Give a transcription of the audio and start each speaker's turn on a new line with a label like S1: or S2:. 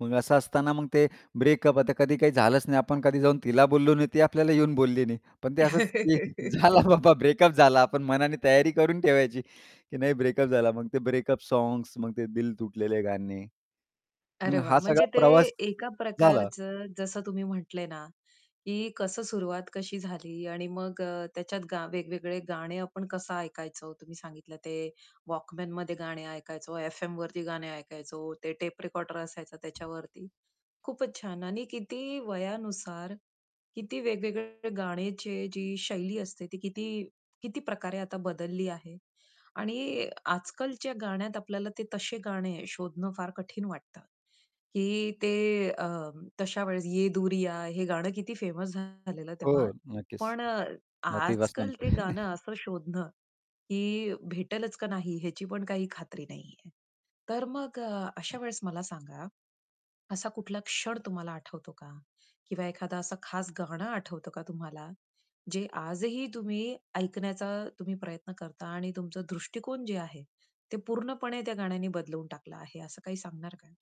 S1: मग असं असताना मग ते ब्रेकअप आता कधी काही झालंच नाही, आपण कधी जाऊन तिला बोललो नाही ती आपल्याला येऊन बोलली नाही. पण ते असंच की झाला बाबा ब्रेकअप झाला. आपण मनाने तयारी करून ठेवायची, की नाही ब्रेकअप झाला मग ते ब्रेकअप सॉन्ग्स मग ते दिल तुटलेले गाणे.
S2: अरे,
S1: मग हा
S2: वाह!
S1: सगळा
S2: म्हणजे ते
S1: प्रवास
S2: एका
S1: झाला.
S2: प्रकारचं जसं तुम्ही म्हटले ना, की कसं सुरुवात कशी झाली आणि मग अ, त्याच्यात गा वेगवेगळे गाणे आपण कसं ऐकायचो तुम्ही सांगितलं ते वॉकमनमध्ये गाणे ऐकायचो, एफएमवरती गाणे ऐकायचो ते टेप रेकॉर्डर असायचा त्याच्यावरती, खूपच छान आणि किती वयानुसार किती वेगवेगळे गाण्याची जी शैली असते ती किती किती प्रकारे आता बदलली आहे आणि आजकालच्या गाण्यात आपल्याला ते तसे गाणे शोधणं फार कठीण वाटतं, की ते अ, तशा वेळेस "ये दूरियाँ" हे गाणं किती फेमस झालेलं तेव्हा.
S1: हो, नक्कीच.
S2: पण अ,
S1: आतिफ
S2: आजकाल
S1: असलमच.
S2: ते गाणं असं शोधणं, की भेटेलच का नाही याची पण काही खात्री नाही आहे. तर मग अशा वेळेस मला सांगा, असा कुठला क्षण तुम्हाला आठवतो का? किंवा एखादा असा खास गाणं आठवतो का तुम्हाला, जे आजही तुम्ही ऐकण्याचा तुम्ही प्रयत्न करता आणि तुमचा दृष्टिकोन जे आहे, ते पूर्णपणे त्या गाण्याने बदलून टाकलं आहे असं काही सांगणार का?